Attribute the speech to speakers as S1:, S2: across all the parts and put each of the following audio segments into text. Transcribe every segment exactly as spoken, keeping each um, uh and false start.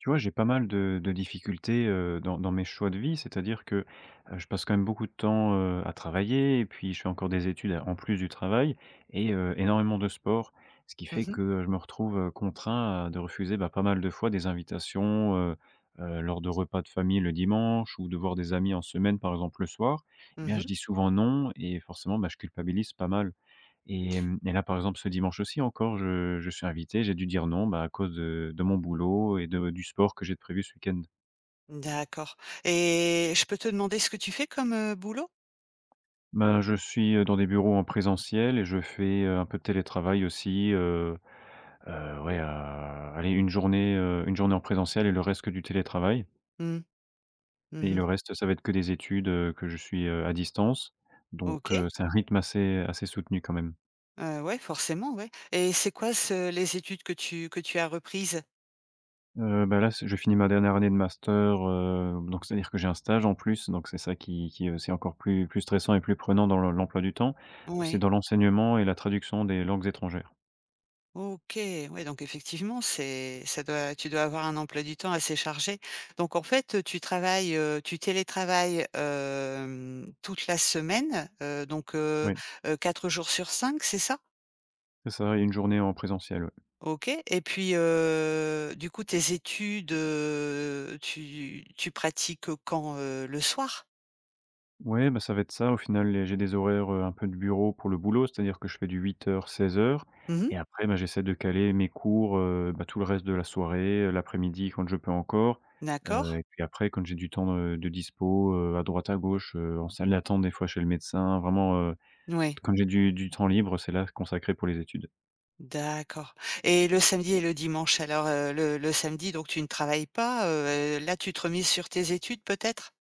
S1: Tu vois, j'ai pas mal de de difficultés, heu, dans dans mes choix de vie, c'est-à-dire que, heu, je passe quand même beaucoup de temps, heu, à travailler et puis je fais encore des études alors en plus du travail et, heu, énormément de sport. Ce qui
S2: Mmh
S1: fait
S2: mh.
S1: que, heu, je me retrouve, heu, contraint de refuser, bah, pas mal de fois des invitations, heu, heu, lors de repas de famille le dimanche ou de voir des amis en semaine par exemple le soir. Et bien
S2: Mmh
S1: je
S2: mh.
S1: dis souvent non et forcément, ben, je culpabilise pas mal. Hem et là par exemple ce dimanche aussi encore, je je suis invité, j'ai dû dire non, bah, à cause de de mon boulot et de du sport que j'ai prévu ce week-end.
S2: D'accord et je peux te demander ce que tu fais comme, heu, boulot?
S1: Ben, je suis, heu, dans des bureaux en présentiel et je fais un peu de télétravail aussi, heu. Heu, ouais, heu, allez une journée, heu, une journée en présentiel et le reste que du télétravail
S2: Mmh. Mmh
S1: et
S2: mh.
S1: le reste ça va être que des études, heu, que je suis, heu, à distance. Donc, heu,
S2: OK.
S1: c'est un rythme assez assez soutenu quand même.
S2: Heu, ouais, forcément, ouais. Et c'est quoi ce les études que tu que tu as reprises?
S1: Heu, ben, là, ç je finis ma dernière année de master, heu, donc c'est-à-dire que j'ai un stage en plus, donc c'est ça qui qui, heu, c'est encore plus plus stressant et plus prenant dans l'em l'emploi du temps. C'est
S2: Ouais.
S1: dans l'enseignement et la traduction des langues étrangères.
S2: OK, oui donc effectivement, c'est ça doit tu dois avoir un emploi du temps assez chargé. Donc en fait, heu, tu travailles, heu, tu télétravailles, hem, toute la semaine, heu, donc, heu,
S1: Ouais.
S2: heu, quatre jours sur cinq, c'est ça?
S1: C'est ça et une journée en présentielle, ouais.
S2: OK et puis heu, du coup tes études, heu, tu tu pratiques, heu, quand? Heu, le soir?
S1: Mouais, bah, ça va être ça au final et j'ai des horaires, heu, un peu de bureau pour le boulot, c'est-à-dire que je fais du huit heures- seize heures
S2: Mmh mh.
S1: et après, bah, j'essaie de caler mes cours, heu, bah, tout le reste de la soirée, heu, l'après-midi quand je peux encore. Heu,
S2: D'accord.
S1: et puis après, quand j'ai du temps, heu, de dispo, heu, à droite, à gauche, heu, en salle d'attente, des fois, chez le médecin, vraiment, heu,
S2: Mouais
S1: quand j'ai du du temps libre, c'est là, consacré pour les études.
S2: D'accord et le samedi et le dimanche alors, heu, le le samedi donc tu ne travailles pas, heu et là tu te remises sur tes études, peut-être?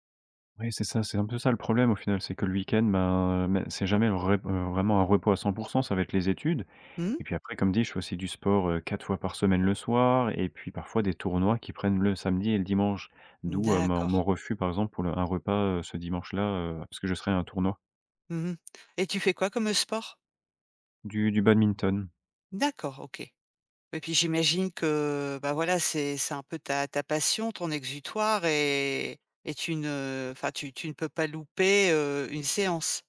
S1: Oui, c'est ça, c'est un peu ça le problème au final. C'est que le week-end, ben, mais c'est jamais rep heu, vraiment un repos à cent pour cent. Ça va être les études
S2: Mmh mh.
S1: et puis après, comme dit, je fais aussi du sport, heu, quatre fois par semaine le soir et puis parfois des tournois qui prennent le samedi et le dimanche. D'où, heu, ma, heu,
S2: D'accord.
S1: mon refus, par exemple, pour le un repas, heu, ce dimanche là, heu, parce que je serai à un tournoi.
S2: Mmh mh. Et tu fais quoi comme sport?
S1: Du du badminton.
S2: D'accord, OK. Ouais, puis j'imagine que, bah, voilà, c'est c'est un peu ta ta passion, ton exutoire et et tu ne enfin, tu tu ne peux pas louper, heu, une séance?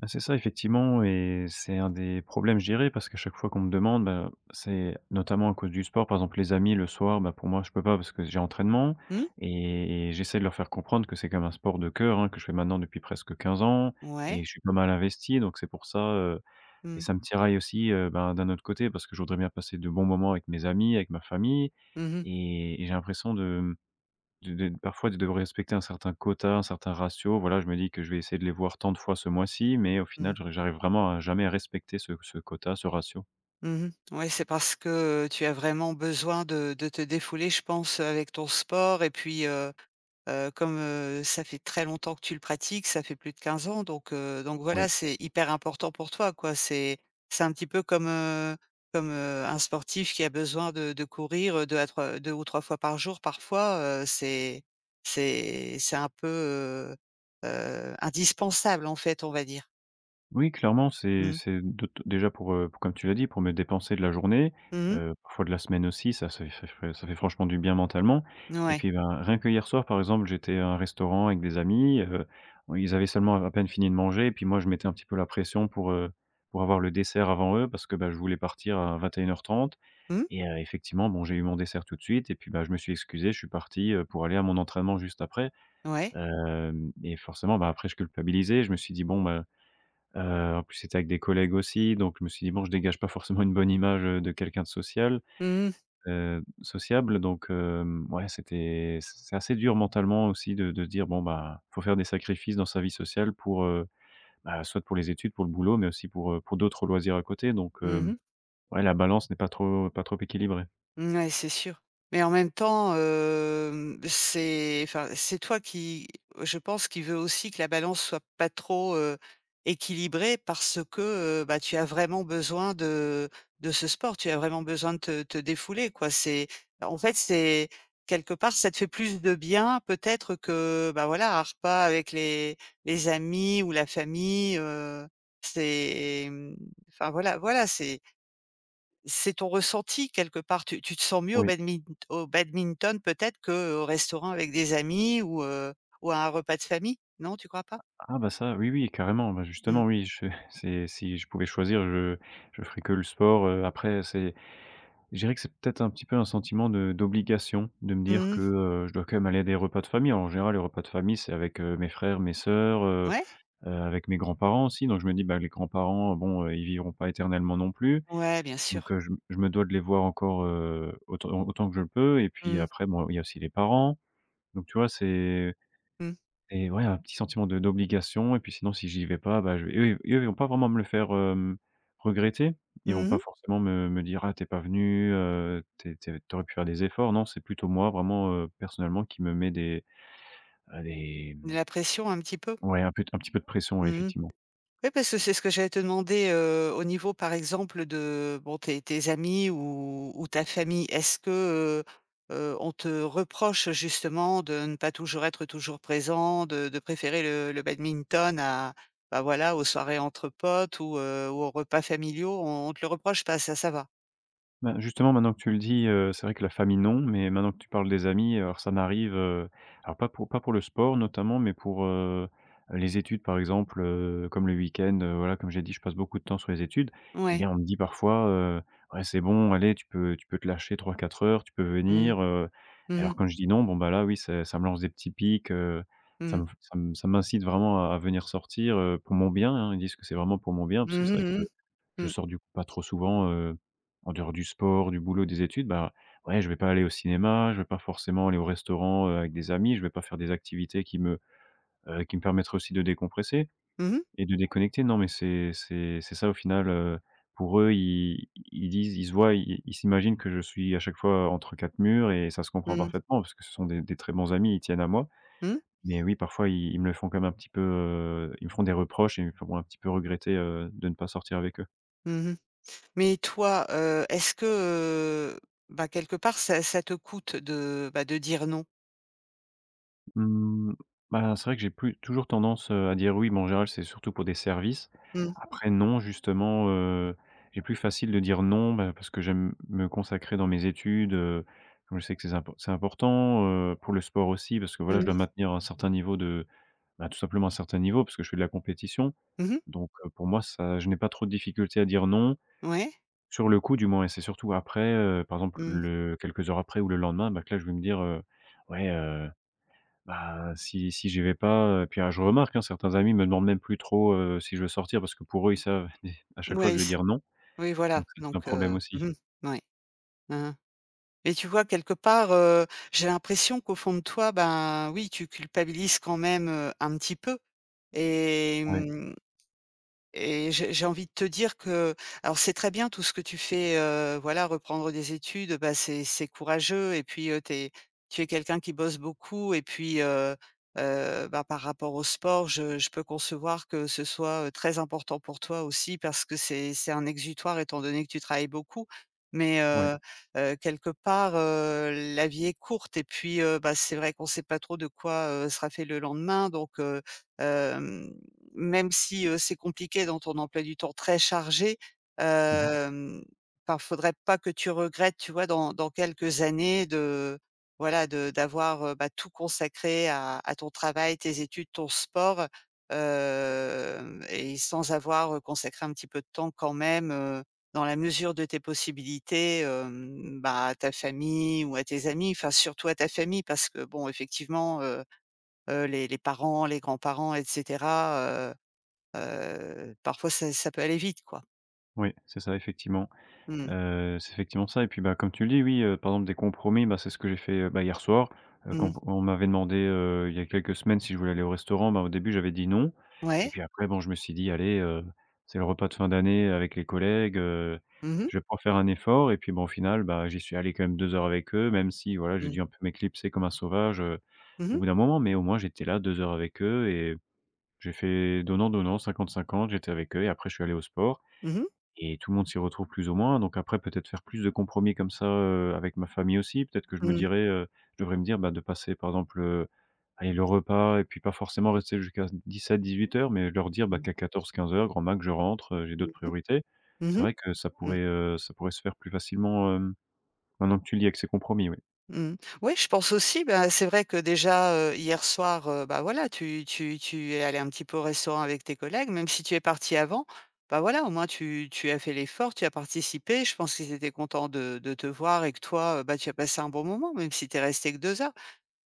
S1: Bah, c'est ça, effectivement et c'est un des problèmes, je dirais. Parce qu'à chaque fois qu'on me demande, ben, c'est notamment à cause du sport. Par exemple les amis le soir, ben, pour moi, je peux pas parce que j'ai entraînement
S2: Mmh.
S1: et et j'essaie de leur faire comprendre que c'est quand même un sport de cœur, hein, que je fais maintenant depuis presque quinze ans. Et
S2: Ouais.
S1: je suis pas mal investi, donc c'est pour ça, heu, et
S2: Mmh.
S1: ça me tiraille aussi, heu, ben, d'un autre côté, parce que je voudrais bien passer de bons moments avec mes amis, avec ma famille.
S2: Mmh mh.
S1: Et et j'ai l'impression de, hem, de d'être parfois, de devoir respecter un certain quota, un certain ratio. Voilà, je me dis que je vais essayer de les voir tant de fois ce mois-ci, mais, au final
S2: Mmh.
S1: j'arrive j'arrive vraiment à jamais respecter ce ce quota, ce ratio.
S2: Mmh mh. Ouais, c'est parce que tu as vraiment besoin de de te défouler, je pense, avec ton sport. Et puis, heu, heu, comme ça fait très longtemps que tu le pratiques, ça fait plus de quinze ans. Donc, heu, donc
S1: Oui.
S2: voilà, c'est hyper important pour toi, quoi. C'est c'est un petit peu comme, heu, comme, heu, un sportif qui a besoin de de courir, deux à trois deux ou trois fois par jour parfois, heu, c'est c'est c'est un peu, heu, heu, indispensable en fait, on va dire.
S1: Oui clairement, c'est
S2: Mmh.
S1: c'est de te te déjà pour, heu, pour comme tu l'as dit, pour me dépenser de la journée,
S2: Mmh mh.
S1: heu, parfois de la semaine aussi, ça se fait ça fait ça fait franchement du bien mentalement et
S2: Ouais.
S1: puis, ben, rien que hier soir par exemple, j'étais à un restaurant avec des amis, heu, bon, ils avaient seulement à peine fini de manger, et puis moi je mettais un petit peu la pression pour, heu, pour avoir le dessert avant eux, parce que, bah, je voulais partir à vingt et une heure trente
S2: Mmh.
S1: et heu, effectivement bon, j'ai eu mon dessert tout de suite, et puis, bah, je me suis excusé, je suis parti, heu, pour aller à mon entraînement juste après.
S2: Ouais.
S1: Hem, et forcément, bah, après je culpabilisais, je me suis dit bon, ben, heu, en plus c'était avec des collègues aussi, donc je me suis dit: «Bon, je dégage pas forcément une bonne image de quelqu'un de social,
S2: Mmh mh.
S1: heu, sociable». Donc, heu, ouais, c'était c c'est assez dur mentalement aussi de de se dire bon, ben, il faut faire des sacrifices dans sa vie sociale pour, heu, soit, bah pour les études, pour le boulot, mais aussi pour, heu, pour d'autres loisirs à côté. Donc,
S2: Mmh
S1: heu,
S2: mh.
S1: ouais, la balance n'est pas trop pas trop équilibrée.
S2: Ouais c'est sûr, mais en même temps, hem, c'est enfin, c'est toi qui, je pense, qui veut aussi que la balance soit pas trop, heu, équilibrée parce que, heu, bah, tu as vraiment besoin de de ce sport. Tu as vraiment besoin de te te défouler, quoi c'est en fait c'est quelque part ça te fait plus de bien peut-être que, heu, bah, voilà un repas avec les les amis ou la famille, heu. C'est, mmh, enfin, voilà voilà c'est c'est ton ressenti quelque part tu tu te sens mieux au
S1: Oui.
S2: badmin au badminton peut-être qu'au restaurant avec des amis ou, heu, ou à un repas de famille, non tu crois pas?
S1: Ah ah, bah, ça oui oui carrément. Bah,
S2: Mmh.
S1: justement oui, je c'est si je pouvais choisir, je je ferais que le sport. Après c'est je dirais que c'est peut-être un petit peu un sentiment de d'obligation, de me dire
S2: Mmh
S1: que,
S2: mh.
S1: heu, je dois quand même aller à des repas de famille. Alors en général, les repas de famille, c'est avec, heu, mes frères, mes sœurs, heu,
S2: Ouais.
S1: heu, avec mes grands-parents aussi, donc je me dis: «Ben, les grands-parents, bon, ils vivront pas éternellement non plus».
S2: Ouais, bien
S1: Donc,
S2: sûr.
S1: je me je me dois de les voir encore, heu, autant autant que je le peux et puis,
S2: Mmh.
S1: après, bon, il y a aussi les parents donc, tu vois? C'est
S2: Mmh.
S1: et ouais, heu, un petit sentiment d' d'obligation et puis sinon si j'y vais pas, bah, je vais et eux et eux ils vont pas vraiment me le faire, hem, regretter ils vont
S2: Mmh mh.
S1: pas forcément me me dire: «Ah, tu es pas venu heu, t t tu aurais pu faire des efforts» non, c'est plutôt moi vraiment, heu, personnellement, qui me met des, heu, des
S2: La pression un petit peu?
S1: ouais un peu un petit peu de pression
S2: Mmh mh.
S1: effectivement.
S2: Ouais parce que c'est ce que j'allais te demander, heu, au niveau par exemple de, heu, bon, tes tes amis ou ou ta famille. Est-ce, heu, heu, on te reproche justement de ne pas toujours être toujours présent, de de préférer le le badminton à, bah, voilà aux soirées entre potes ou, heu, ou aux repas familiaux, on on te le reproche pas ça, ça va?
S1: Ben, justement maintenant que tu le dis, heu, c'est vrai que la famille non, mais maintenant que tu parles des amis, heu, alors ça m'arrive, heu, alors pas pour pas pour le sport notamment, mais pour, heu, les études par exemple, heu, comme le week-end, heu, voilà comme j'ai dit je passe beaucoup de temps sur les études, et
S2: Ouais.
S1: bien on me dit parfois, heu, ouais, c'est bon allez, tu peux tu peux te lâcher trois-quatre heures tu peux
S2: Mmh mh.
S1: venir, heu, et
S2: Mmh
S1: alors
S2: mh.
S1: quand je dis: «Non», bon, bah, là oui ç ça me lance des petits piques, heu,
S2: Mmh
S1: ça m
S2: mh.
S1: ça ça m'incite vraiment à à venir sortir, heu, pour mon bien, hein. Ils disent que c'est vraiment pour mon bien
S2: Mmh
S1: parce que c'est
S2: mh,
S1: vrai
S2: mmh
S1: que
S2: mh.
S1: je
S2: Mmh.
S1: sors du coup pas trop souvent, heu, en dehors du sport, du boulot, des études. Bah, ouais, je vais pas aller au cinéma, je vais pas forcément aller au restaurant, heu, avec des amis, je vais pas faire des activités qui me, heu, qui me permettraient aussi de décompresser
S2: Mmh mh.
S1: et de déconnecter. Non, mais c'est c'est c'est ça au final, heu. Pour eux, ils ils disent, ils se voient, ils ils s'imaginent que je suis à chaque fois entre quatre murs et ça se
S2: Mmh
S1: comprend
S2: mh.
S1: parfaitement parce que ce sont des des très bons amis et ils tiennent à moi.
S2: Mmh.
S1: Mais oui, parfois, ils ils me le font quand même un petit peu, heu ils me feront des reproches et ils me feront un petit peu regretter, heu, de ne pas sortir avec eux.
S2: Mmh mh. Mais toi, heu, est-ce que, heu, bah, quelque part ça ça te coûte de, bah, de dire non?
S1: Mmh, ben, c'est vrai que j'ai plus toujours tendance, heu, à dire oui, mais en général c'est surtout pour des services.
S2: Mmh.
S1: Après non, justement, heu, il est plus facile de dire non, ben, parce que j'aime me consacrer dans mes études, heu. Comme je sais que c'est zim c'est important, heu, pour le sport aussi parce que, voilà, je dois
S2: Mmh.
S1: maintenir un certain niveau de, ben, tout simplement un certain niveau, parce que je fais de la compétition.
S2: Mmh mh.
S1: Donc, heu, pour moi, ça, je n'ai pas trop de difficultés à dire non.
S2: Ouais.
S1: Sur le coup du moins. Et c'est surtout après, heu, par exemple,
S2: Mmh.
S1: le quelques heures après ou le lendemain, ben que là je vais me dire, heu: «Ouais, heu, ben, si si j'y vais pas, heu», puis alors je remarque, hein, certains amis me demandent même plus trop, heu, si je veux sortir parce que pour eux ils savent à chaque fois que
S2: Ouais,
S1: je vais
S2: s
S1: dire non,
S2: Oui, voilà.
S1: donc c'est un
S2: Donc,
S1: problème
S2: heu mmh
S1: aussi.
S2: mh, oui. Mmh mh. Mais tu vois, quelque part, heu, j'ai l'impression qu'au fond de toi, ben, oui, tu culpabilises quand même, heu, un petit peu. Et,
S1: Oui.
S2: mmh, et j'ai j'ai envie de te dire que alors c'est très bien tout ce que tu fais, heu, voilà reprendre des études, bah, c'est c'est courageux et puis, heu, tu es tu es quelqu'un qui bosse beaucoup et puis, heu, heu, bah, par rapport au sport je je peux concevoir que ce soit, heu, très important pour toi, aussi, parce c'est c'est un exutoire étant donné que tu travailles beaucoup. Mais,
S1: Oui.
S2: heu, heu, quelque part, heu, la vie est courte et puis, heu, bah, c'est vrai qu'on sait pas trop de quoi, heu, sera fait le lendemain. Donc, heu, hem, même si, heu, c'est compliqué dans ton emploi du temps très chargé,
S1: Mmh mh.
S2: hem, pas, faudrait pas que tu regrettes, tu vois, dans dans quelques années de, voilà, de d'avoir, heu, bah, tout consacré à à ton travail, tes études, ton sport. Hem, et sans avoir, heu, consacré un petit peu de temps quand même, heu, dans la mesure de tes possibilités, hem, bah, à ta famille ou à tes amis, enfin surtout à ta famille. Parce que bon effectivement, heu, heu, les les parents, les grands-parents, et cetera, heu, heu, parfois ça ça peut aller vite, quoi.
S1: Oui, c'est ça effectivement.
S2: Mmh mh.
S1: Heu, c'est effectivement ça. Et puis, bah, comme tu le dis oui, heu, par exemple des compromis, bah, c'est ce que j'ai fait, heu, bah, hier soir. Heu,
S2: Mmh
S1: quand
S2: mh.
S1: on m'avait demandé, heu, il y a quelques semaines, si je voulais aller au restaurant, bah, au début j'avais dit non. Et
S2: Ouais.
S1: puis après bon, je me suis dit: «Allez, heu, c'est le repas de fin d'année avec les collègues, heu,
S2: Mmh mh.
S1: je vais pouvoir faire un effort» et puis, bon, au final, bah, j'y suis allé quand même deux heures avec eux. Même si, voilà, j'ai
S2: Mmh.
S1: dû un peu m'éclipser comme un sauvage, heu,
S2: Mmh
S1: au
S2: mh.
S1: bout d'un moment. Mais au moins j'étais là deux heures avec eux et j'ai fait donnant-donnant cinquante- cinquante, j'étais avec eux et après je suis allé au sport
S2: Mmh mh.
S1: et tout le monde s'y retrouve plus ou moins. Donc, après, peut-être faire plus de compromis comme ça, heu, avec ma famille aussi, peut-être que je me
S2: Mmh.
S1: dirais, heu, je devrais me dire, bah, de passer par exemple, heu, allez, le repas et puis pas forcément rester jusqu'à dix-sept-dix-huit heures, mais leur dire, bah,
S2: Mmh.
S1: qu'à quatorze-quinze heures, grand max je rentre, heu, j'ai
S2: Mmh
S1: d'autres
S2: mh.
S1: priorités.
S2: Mmh
S1: C'est
S2: mh.
S1: vrai que ça
S2: Mmh.
S1: pourrait, heu, ça pourrait se faire plus facilement, hem, maintenant que tu le dis avec ces compromis, ouais.
S2: Mmh. Ouais, je pense aussi. Bah, c'est vrai que déjà, heu, hier soir, heu, bah, voilà tu tu tu es allé un petit peu au restaurant avec tes collègues, même si tu es parti avant, bah, voilà, au moins tu tu as fait l'effort, tu as participé, je pense qu'ils étaient contents de de te voir et que toi, heu, bah, tu as passé un bon moment, même si tu es resté que deux heures.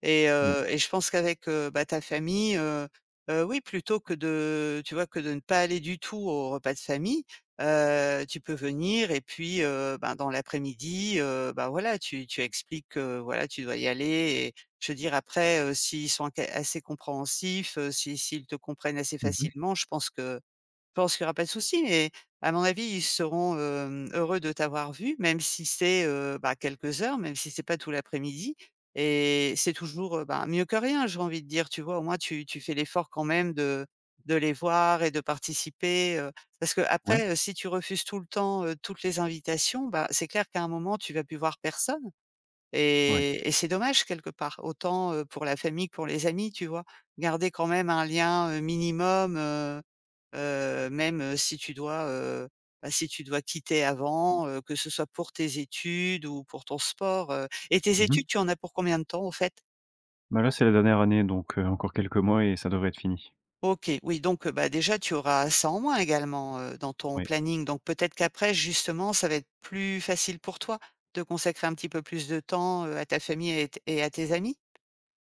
S2: Et
S1: Ouais.
S2: heu, et je pense qu'avec, heu, bah, ta famille, heu, heu, oui plutôt que de, tu vois, que de ne pas aller du tout aux repas de famille, heu, tu peux venir et puis heu, ben, dans l'après-midi, heu, bah, voilà tu tu expliques que, voilà, tu dois y aller et je veux dire après, heu, s'ils sont ca assez compréhensifs, heu, s'i s'ils te comprennent assez
S1: Mmh mh.
S2: facilement, je pense que je pense qu'il y aura pas de souci. Mais à mon avis, ils seront, hem, heureux de t'avoir vu, même si c'est, heu, bah, quelques heures même si c'est pas tout l'après-midi et c'est toujours, heu, ben, mieux que rien, j'ai envie de dire, tu vois? Au moins tu tu fais l'effort quand même de de les voir et de participer, heu. Parce
S1: Ouais.
S2: qu'après, heu, si tu refuses tout le temps, heu, toutes les invitations, bah, c'est clair qu'à un moment tu vas plus voir personne.
S1: Ouais.
S2: Et et c'est dommage, quelque part. Autant, heu, pour la famille que pour les amis, tu vois? Garder quand même un lien, heu, minimum, heu, heu, même, si tu dois, heu, bah, si tu dois quitter avant, heu, que ce soit pour tes études ou pour ton sport, heu. Et tes
S1: Mmh mh.
S2: études tu en as pour combien de temps, au fait?
S1: Bah, là, c'est la dernière année. Donc, heu, encore quelques mois et ça devrait être fini.
S2: OK. Oui, donc, heu, bah, déjà tu auras ça en moins également, heu, dans ton
S1: Oui.
S2: planning. Donc, peut-être qu'après, justement, ça va être plus facile pour toi, de consacrer un petit peu plus de temps heu, à ta famille et à t et à tes amis?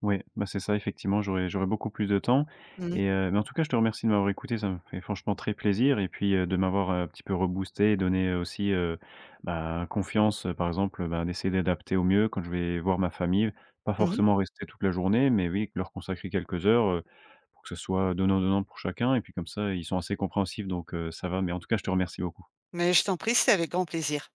S1: Ouais. Bah, c'est ça effectivement. J'aurai j'aurai beaucoup plus de temps.
S2: Mmh mh.
S1: Et, heu, mais en tout cas je te remercie de m'avoir écouté ça m'a fait franchement très plaisir et puis, heu, de m'avoir, heu, un petit peu reboosté, donné heu, aussi, heu, bah, confiance, heu, par exemple, heu, bah, d'essayer d'adapter au mieux quand je vais voir ma famille. Pas
S2: Mmh mh.
S1: forcément rester toute la journée, mais oui, que leur consacrer quelques heures, heu, pour que ce soit donnant-donnant pour chacun. Et puis comme ça, ils sont assez compréhensifs, donc, heu, ça va. Mais en tout cas, je te remercie beaucoup.
S2: Mais je t'en prie, c'est avec grand plaisir.